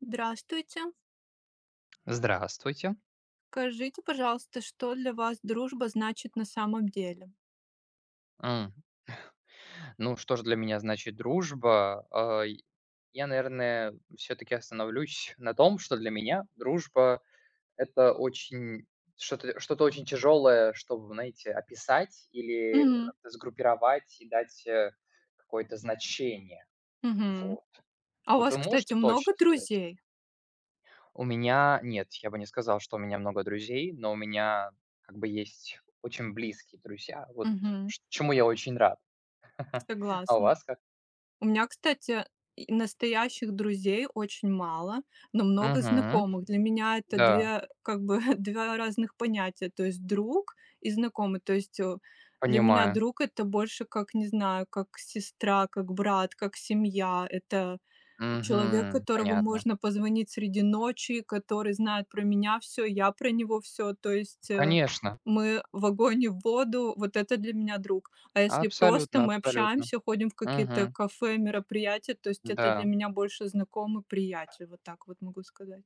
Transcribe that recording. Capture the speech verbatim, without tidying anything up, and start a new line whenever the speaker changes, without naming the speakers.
Здравствуйте!
Здравствуйте!
Скажите, пожалуйста, что для вас дружба значит на самом деле?
М. Ну, что ж для меня значит дружба? Ай, я, наверное, всё-таки остановлюсь на том, что для меня дружба- это очень что-то что-то очень тяжелое, чтобы, знаете, описать или, э,
Мгм.
сгруппировать и дать, э, какое-то значение,
Мгм.
вот.
А у
Вот
вас,
вы
кстати,
можете
много
точно сказать?
друзей?
У меня, нет, я бы не сказал, что у меня много друзей, но у меня, как бы, есть очень близкие друзья, вот,
Мгм.
ш чему я очень рад. А у
Согласна.
вас как?
У меня, кстати,, настоящих друзей очень мало, но много
Мгм.
знакомых. Для меня это
Да.
две, как бы два, разных понятия, то есть друг и знакомый. То есть, э, для меня
Понимаю.
друг- это больше как, не знаю, как сестра, как брат, как семья. Это человек,
Мгм.
которому
Понятно.
можно позвонить среди ночи, который знает про меня всё, я про него всё, то есть, э,
Конечно.
мы в огонь и в воду, вот это для меня друг. А если просто
Абсолютно,
мы
абсолютно.
общаемся, ходим в какие-то
Мгм.
кафе, мероприятия, то есть это для
Да.
меня больше знакомый, приятель, вот так вот могу сказать.